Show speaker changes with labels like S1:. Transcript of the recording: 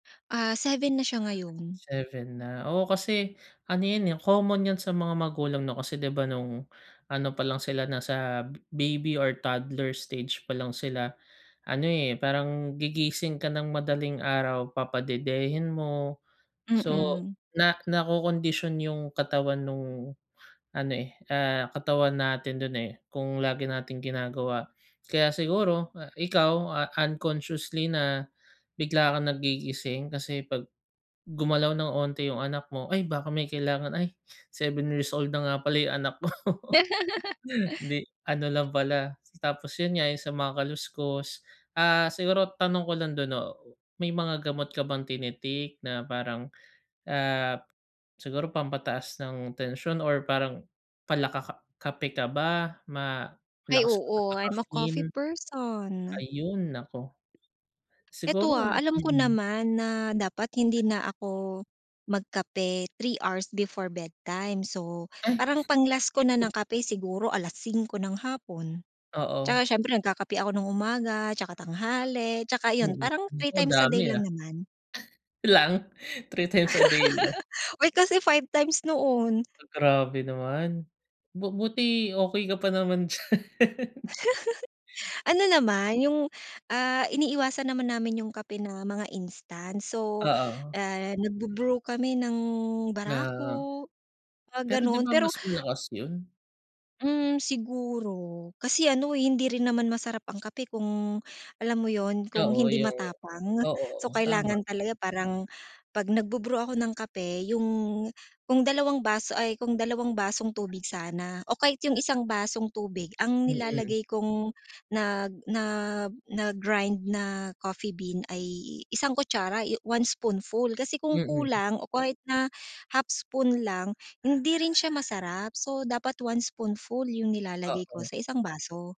S1: Ah, 7 na siya ngayon.
S2: 7 na, oo kasi ano yun, eh, common yan sa mga magulang 'no kasi 'di ba nung ano pa lang sila nasa baby or toddler stage pa lang sila ano, eh, parang gigising ka ng madaling araw papadedehin mo. So
S1: Mm.
S2: na nakokondisyon yung katawan nung ano, eh, ah, katawan natin do'n, eh, kung lagi nating ginagawa. Kaya siguro ikaw a unconsciously na bigla kang nagigising kasi pag, gumalaw ng konti yung anak mo, "Ay, baka may kailangan. Ay, 7 years old na nga pala yung anak ko." 'di ano lang pala, tapos yun nga yung sa mga kaluskos. Ah, siguro tanong ko lang do'n 'no, may mga gamot ka bang tini-take na parang, ah, siguro pampataas ng tensyon or parang pala ka kape ka ba, ma
S1: Ay,
S2: malakas ka sa
S1: oo I'm a coffee
S2: caffeine?
S1: person.
S2: Ayun, naku!
S1: Ito,
S2: Siguro
S1: ah, alam ko
S2: mm.
S1: naman na dapat hindi na ako magkape 3 hours before bedtime, so
S2: Ay!
S1: parang pang-last ko na ng kape siguro 5:00 ng hapon,
S2: Oo.
S1: 'tsaka siyempre nagkakape ako ng umaga 'tsaka tanghali, 'tsaka iyon
S2: Mm.
S1: parang three
S2: Naku
S1: times a
S2: dami,
S1: day
S2: ah.
S1: lang naman.
S2: Lang? 3x a day lang.
S1: Uy, kasi 5x noon.
S2: Grabe naman, bu buti okey ka pa naman diyan.
S1: Ano naman yung, ah, iniiwasan naman namin yung kape na mga instant. So,
S2: Oo.
S1: ah, nagbu-brew kami ng
S2: Na, oo.
S1: barako, mga
S2: Pero 'di
S1: gano'n
S2: ba
S1: pero
S2: mas malakas yun?
S1: Mm, siguro. Kasi ano hindi rin naman masarap ang kape kung alam mo yun kung
S2: Oo,
S1: hindi
S2: yung
S1: matapang.
S2: oo,
S1: So,
S2: oo tama.
S1: kailangan talaga parang, pag nagbu-brew ako ng kape yung kung dalawang bas ay kung dalawang basong tubig sana o kahit yung isang basong tubig ang
S2: Mm.
S1: nilalagay kong nag na na grind na coffee bean ay i isang kutsara, yu 1 spoonful kasi kung
S2: Mm.
S1: kulang o kahit na 1/2 spoon lang hindi rin siya masarap, so dapat 1 spoonful yung nilalagay ko
S2: Oo.
S1: sa isang baso.